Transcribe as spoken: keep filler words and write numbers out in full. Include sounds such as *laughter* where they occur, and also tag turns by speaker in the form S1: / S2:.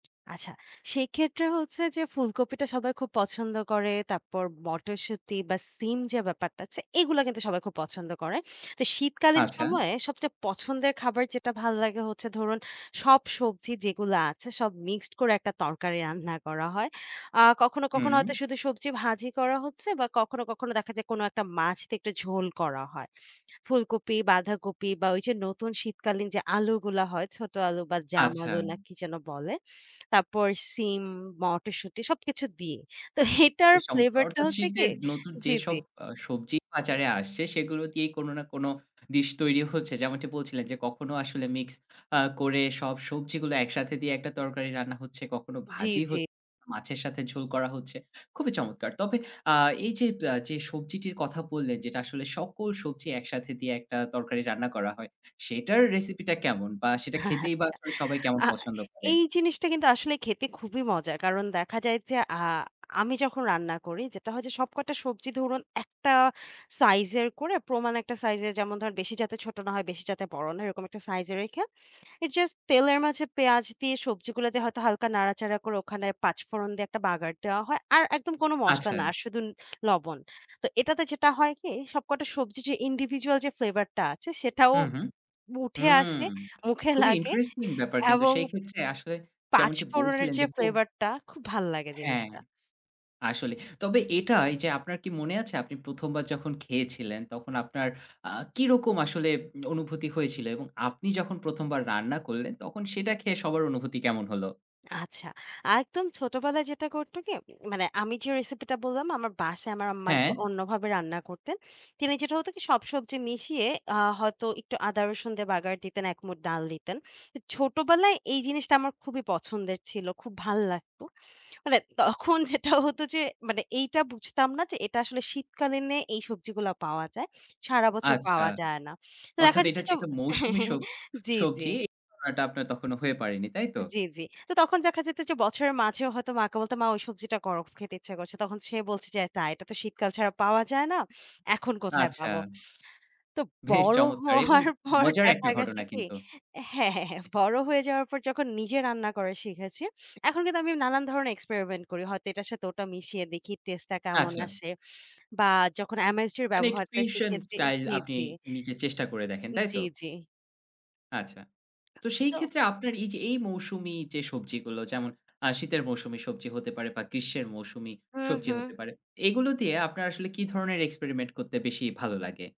S1: আচ্ছা, সেক্ষেত্রে হচ্ছে যে ফুলকপিটা সবাই খুব পছন্দ করে। তাপ্পর মটরশুঁটি বা সিম যে ব্যাপারটা আছে, এগুলা কিন্তু সবাই খুব পছন্দ করে। তো শীতকালীন
S2: আচ্ছা?
S1: সময়ে সবচেয়ে পছন্দের খাবার যেটা ভাল্লাগে হচ্ছে ধরুন সব সবজি যেগুলা আছে সব মিক্সড করে একটা তরকারি রান্না করা হয়। আ কখনো, কখনো
S2: হুম।
S1: হয়তো শুধু সবজি ভাজি করা হচ্ছে বা কখনো, কখনো দেখা যায় কোন একটা মাছতে একটু ঝোল করা হয়। ফুলকপি, বাঁধাকপি বা ওই যে নতুন শীতকালীন যে আলুগুলা হয়, ছোট আলু বা জাম
S2: আচ্ছা।
S1: আলু না কি যেন বলে। তাপ্পর সিম, মটরশুঁটি সবকিছু দিয়ে। তো *scoffs* এটার
S2: বেশ চমৎকার!
S1: ফ্লেভার টা
S2: অর্থাৎ
S1: হচ্ছে কি
S2: শীতের নতুন
S1: জি, জি।
S2: যেসব আ সবজি বাজারে আসছে সেগুলো দিয়েই কোন না কোন ডিশ তৈরি হচ্ছে। যেমনটি বলছিলেন যে, "কখনো আসলে মিক্স আ করে সব সবজিগুলো একসাথে দিয়ে একটা তরকারি রান্না হচ্ছে, কখনো
S1: জি,
S2: ভাজি হ
S1: জি।
S2: মাছের সাথে ঝোল করা হচ্ছে।" খুবই চমৎকার! তবে আ এই যে ব্যা যে সবজিটির কথা বললেন। যেটা আসলে সকল সবজি একসাথে দিয়ে একটা তরকারি রান্না করা হয়। সেটার রেসিপিটা কেমন? বা সেটা
S1: *scoffs*
S2: খেতেই বা
S1: আচ্ছা।
S2: আসলে সবাই কেমন
S1: আ
S2: পছন্দ করে?
S1: এই জিনিসটা কিন্তু আসলে খেতে খুবই মজা। কারণ দেখা যায় যে, আ আমি যখন রান্না করি যেটা হয় যে সবকটা সবজি ধরুন একটা সাইজের করে, প্রমাণ একটা সাইজের। যেমন ধরেন বেশি যাতে ছোট না হয়, বেশি যাতে বড় না হয় এরকম একটা সাইজ এ রেখে it's just তেলের মাঝে পেঁয়াজ দিয়ে সবজিগুলো দিয়ে হয়তো হালকা নাড়াচাড়া করে ওখানে পাঁচফোড়ন দিয়ে একটা বাগার দেওয়া হয়। আর একদম কোন মসলা না।
S2: আচ্ছা।
S1: আর শুধু ন লবণ। তো এটাতে যেটা হয় কি সব কটা সবজি যে individual যে ফ্লেভার টা আছে সেটাও
S2: হু, হু।
S1: বু উঠে
S2: হুম!
S1: আসলে, *scoffs* মুখে
S2: খুবই
S1: লাগে
S2: ইন্টারেস্টিং ব্যাপার! কিন্তু
S1: এবং
S2: সেই ক্ষেত্রে আসলে যেমনটি
S1: পাঁচফোড়নের
S2: বলছিলেন
S1: যে
S2: যে খুব
S1: ফ্লেভার টা। খুব ভাল্লাগে
S2: হ্যাঁ,
S1: জিনিসটা।
S2: আসলে। তবে এটা এইযে আপনার কি মনে আছে? আপনি প্রথম বার যখন খেয়েছিলেন তখন আপনার আ কিরকম আসলে উম অনুভূতি হয়েছিল? এবং আপনি যখন প্রথম বার রান্না করলেন তখন সেটা খেয়ে সবার অনুভূতি কেমন হলো?
S1: আচ্ছা। একদম ছোটবেলায় যেটা করত কি উম মানে আমি যে রেসিপি টা বললাম না? আমার বাসায় আমার আম্মা
S2: হ্যাঁ।
S1: একটু অন্যভাবে রান্না করতেন। তিনি যেটা হতো কি, সব সবজি মিশিয়ে আ হয়তো একটু আদা রসুন দিয়ে বাগার দিতেন এক মুঠ ডাল দিতেন। এ ছোটবেলায় এই জিনিসটা আমার খুবই পছন্দের ছিল। খুব ভাল্লাগতো মানে তখন যেটা *scoffs* হতো যে মানে এইটা বুঝতাম না যে এটা আসলে শীতকালীনে এই সবজিগুলো পাওয়া যায়। সারা বছর
S2: আচ্ছা।
S1: পাওয়া যায় না। তো দেখা
S2: অর্থাৎ
S1: যেত
S2: এটা যে
S1: যে
S2: একটা মৌসুমী
S1: *chuckles*
S2: সব
S1: জি, জি।
S2: সবজি *unintelligible* আপনার তখনো হয়ে পারেনি তাই তো?
S1: জি, জি। তো তখন দেখা যেত যে, বছরের মাঝেও হয়তো মাকে বলতাম, "মা ঐ সবজিটা করো, খেতে ইচ্ছা করছে।" তখন সে বলছে যে, "এটা এটা তো শীতকাল ছাড়া পাওয়া যায় না। এখন কোথায়
S2: আচ্ছা।
S1: পাবো?" তো
S2: *scoffs* বেশ
S1: বড়
S2: চমৎকার! এবং
S1: হওয়ার পর
S2: মজার
S1: দেখা
S2: একটা
S1: গ্যাছে
S2: ঘটনা
S1: কি
S2: কিন্তু।
S1: হ্যাঁ, হ্যাঁ, হ্যাঁ। বড় হয়ে যাওয়ার পর যখন নিজে রান্না করা শিখেছি। এখন কিন্তু আমি নানান ধরনের experimen করি। হয়তো এটার সাথে ওটা মিশিয়ে দেখি টেস্টটা কেমন
S2: আচ্ছা।
S1: আসে বা যখন MSG এর
S2: মানে একটু
S1: ব্যবহারটা
S2: ফিউশন
S1: শিখেছি
S2: স্টাইল
S1: জি,
S2: আপনি
S1: জি।
S2: নিজে চেষ্টা করে দেখেন,
S1: উন
S2: তাই
S1: জি,
S2: তো?
S1: জি।
S2: আচ্ছা। তো সেই
S1: তো
S2: ক্ষেত্রে আপনার এই যে এই মৌসুমী যে সবজিগুলো যেমন আ শীতের মৌসুমী সবজি হতে পারে বা গ্রীষ্মের মৌসুমী
S1: হু,
S2: সবজি
S1: হু।
S2: হতে পারে। এগুলো দিয়ে আপনার আসলে কি ধরনের experiment করতে বেশি ভালো লাগে?